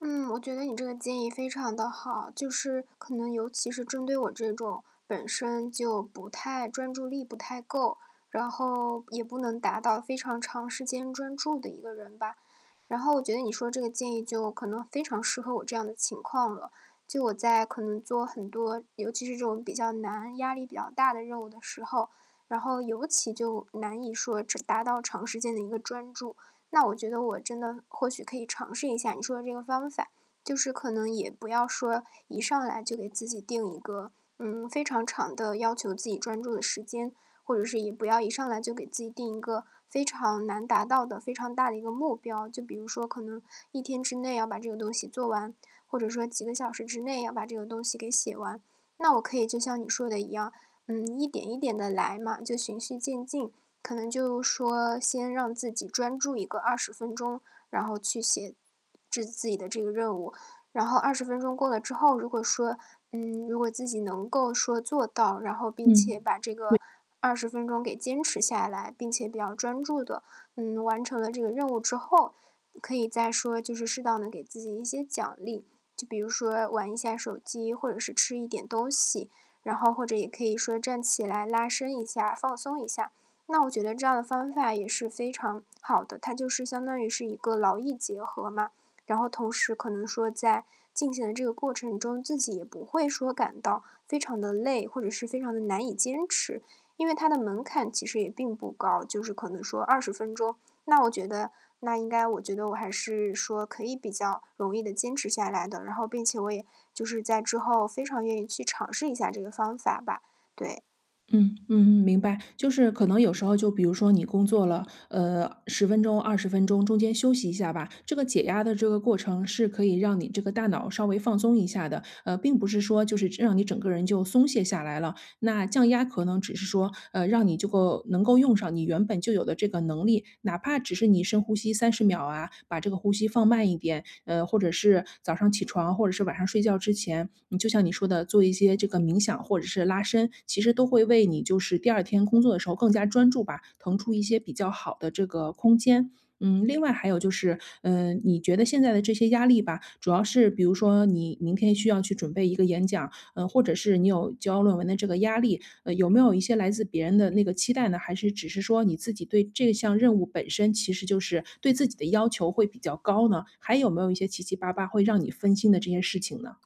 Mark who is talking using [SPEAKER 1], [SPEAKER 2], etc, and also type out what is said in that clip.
[SPEAKER 1] 嗯，我觉得你这个建议非常地好，就是可能尤其是针对我这种本身就不太专注力不太够，然后也不能达到非常长时间专注的一个人吧。然后我觉得你说这个建议就可能非常适合我这样的情况了，就我在可能做很多，尤其是这种比较难压力比较大的任务的时候，然后尤其就，难以说达到长时间的一个专注。那我觉得我真的或许可以尝试一下你说的这个方法，就是可能也不要说，一上来就给自己定一个，嗯，非常长的要求自己专注的时间，或者是也不要一上来就给自己定一个非常难达到的非常大的一个目标，就比如说可能1天之内要把这个东西做完，或者说几个小时之内要把这个东西给写完。那我可以就像你说的一样，嗯，一点一点地来嘛，就循序渐进。可能就是说先让自己专注一个20分钟，然后去写制自己的这个任务。然后20分钟过了之后，如果说嗯，如果自己能够说做到，然后并且
[SPEAKER 2] 嗯，
[SPEAKER 1] 把这
[SPEAKER 2] 对。
[SPEAKER 1] 个20分钟给坚持下来，并且比较专注地，嗯，完成了这个任务之后，可以再说就是适当能给自己一些奖励，就比如说玩一下手机，或者是吃一点东西，然后或者也可以说站起来拉伸一下，放松一下，那我觉得这样的方法也是非常好的，它就是相当于是一个劳逸结合嘛。然后同时可能说在进行的这个过程中，自己也不会感到非常地累，或者是非常地难以坚持。因为它的门槛其实也并不高，就是可能说20分钟，那我觉得那应该我觉得我还是说可以比较容易地坚持下来的，然后并且我也就是在之后非常愿意去尝试一下这个方法吧，对。
[SPEAKER 2] 嗯，嗯嗯，明白，就是可能有时候就比如说你工作了，呃，10分钟、20分钟，中间休息一下吧，这个解压的这个过程是可以让你这个大脑稍微放松一下的。呃，并不是说就是让你整个人就松懈下来了，那降压可能只是说，呃，让你这个能够用上你原本就有的这个能力，哪怕只是你深呼吸30秒啊，把这个呼吸放慢一点，呃，或者是早上起床或者是晚上睡觉之前，嗯，就像你说的做一些这个冥想或者是拉伸，其实都会为你就是第2天工作的时候更加专注吧，腾出一些比较好的这个空间。嗯，另外还有就是，嗯，你觉得现在的这些压力吧，主要是比如说你明天需要去准备一个演讲，呃，或者是你有交论文的这个压力，呃，有没有一些来自别人的那个期待呢？还是只是说你自己对这项任务本身其实就是对自己的要求会比较高呢？还有没有一些七七八八会让你分心的这件事情呢？